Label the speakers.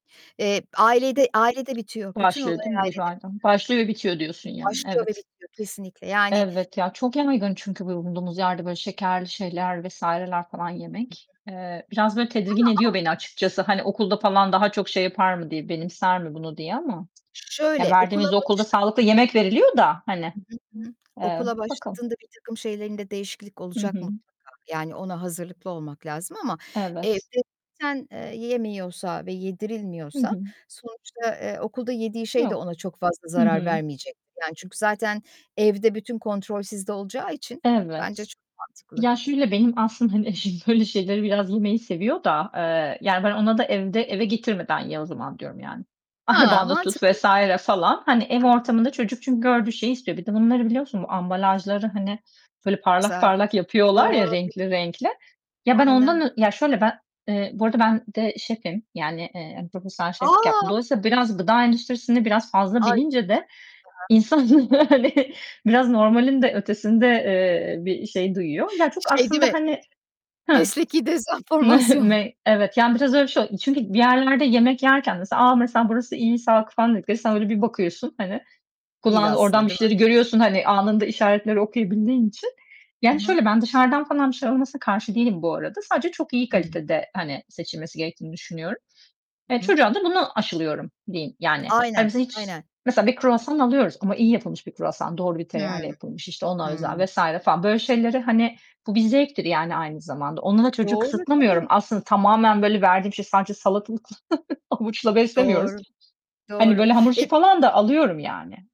Speaker 1: Eee, ailede, ailede bitiyor. Bütün
Speaker 2: Başlıyor
Speaker 1: olay
Speaker 2: değil mi?
Speaker 1: ailede
Speaker 2: [unintelligible]
Speaker 1: bitiyor.
Speaker 2: Başlıyor bitiyor diyorsun, yani.
Speaker 1: Başlıyor ve
Speaker 2: Evet.
Speaker 1: bitiyor. Kesinlikle, yani
Speaker 2: Elbet ya, çok yaygın çünkü bulunduğumuz yerde böyle şekerli şeyler vs.ler falan yemek. Eee, biraz böyle tedirgin
Speaker 1: Ama a
Speaker 2: ediyor beni açıkçası, hani, okulda falan daha çok şey yapar mı diye, benimser mi bunu diye ama.
Speaker 1: Ş ş ş
Speaker 2: Ya
Speaker 1: şöyle; okula
Speaker 2: verdiğimiz okulda
Speaker 1: başla
Speaker 2: sağlıklı yemek veriliyor da hani.
Speaker 1: Hı hı. Hı hı.
Speaker 2: Eee,
Speaker 1: Okula
Speaker 2: bakalım.
Speaker 1: başladığında birtakım şeylerinde değişiklik
Speaker 2: Hı
Speaker 1: olacak
Speaker 2: hı.
Speaker 1: mutlaka. Yani, ona hazırlıklı olmak lazım ama, eee,
Speaker 2: Evet.
Speaker 1: [unintelligible] yemiyorsa ve
Speaker 2: Hı
Speaker 1: yedirilmiyorsa,
Speaker 2: hı.
Speaker 1: sonuçta, eee, okulda yediği şey de
Speaker 2: Yok.
Speaker 1: ona çok fazla
Speaker 2: Hı
Speaker 1: zarar
Speaker 2: hı.
Speaker 1: vermeyecektir; yani, çünkü zaten evde bütün kontrol sizde olacağı için bence
Speaker 2: Evet.
Speaker 1: çok mantıklı.
Speaker 2: Ya şöyle, benim aslında hani eşim böyle şeyleri biraz yemeyi seviyor da; eee, yani ben ona da evde eve getirmeden ye o zaman diyorum yani.
Speaker 1: Ha,
Speaker 2: Arabanda tut
Speaker 1: mantıklı.
Speaker 2: vs. falan. Hani ev
Speaker 1: Hı hı.
Speaker 2: ortamında çocuk çünkü gördüğü şeyi istiyor. Bir de bunları biliyorsunuz, ambalajları, hani,
Speaker 1: Çok
Speaker 2: böyle parlak
Speaker 1: güzel.
Speaker 2: parlak yapıyorlar ya
Speaker 1: Doğru.
Speaker 2: renkli renkli. Ya ben
Speaker 1: Aynen.
Speaker 2: ondan Ya şöyle ben Eee bu arada ben de şefim. Yani, eee, profesyonel şeflik yaptım.
Speaker 1: A!
Speaker 2: Dolayısıyla biraz gıda endüstrisini biraz fazla
Speaker 1: Ay, çok
Speaker 2: bilince de,
Speaker 1: güzel.
Speaker 2: insan, yani, biraz normalin de ötesinde, eee, bir şey duyuyor. Ya çok
Speaker 1: Şey değil
Speaker 2: aslında
Speaker 1: mi,
Speaker 2: hani Hıh.
Speaker 1: mesleki dezenformasyon.
Speaker 2: Ne? Evet, yani, biraz öyle bir şey oldu. Çünkü bir yerlerde yemek yerken mesela, "A, mesela burası iyi, sağlıklı." falan dediklerinde sen öyle bir bakıyorsun hani
Speaker 1: Değil
Speaker 2: kullandığı, oradan
Speaker 1: aslında,
Speaker 2: bir
Speaker 1: değil mi?
Speaker 2: şeyleri görüyorsun, hani, anında işaretleri okuyabildiğin için.
Speaker 1: Hı
Speaker 2: Yani
Speaker 1: hı.
Speaker 2: şöyle, ben dışarıdan falan bir şeyler alınmasına karşı değilim bu arada. Sadece çok iyi
Speaker 1: Hıı.
Speaker 2: kalitede, hani, seçilmesi gerektiğini düşünüyorum. Eee,
Speaker 1: I hı.
Speaker 2: çocuğa da buna aşılıyorum, diyeyim yani. Hani
Speaker 1: Aynen,
Speaker 2: biz hiç,
Speaker 1: aynen.
Speaker 2: mesela bir kruvasan alıyoruz, ama iyi yapılmış bir kruvasan, doğru bir tereyağı ile
Speaker 1: Hıı.
Speaker 2: yapılmış, işte ona özel
Speaker 1: Hıı.
Speaker 2: vs. falan. Böyle şeyleri, hani, bu bir zevktir, yani, aynı zamanda. Onda da çocuğu
Speaker 1: Doğru,
Speaker 2: kısıtlamıyorum.
Speaker 1: tabii.
Speaker 2: Aslında tamamen böyle verdiğim şey sadece salatalıkla, havuçla beslemiyoruz.
Speaker 1: Doğru,
Speaker 2: Hani
Speaker 1: doğru.
Speaker 2: böyle hamur işi
Speaker 1: Eee
Speaker 2: falan da alıyorum yani.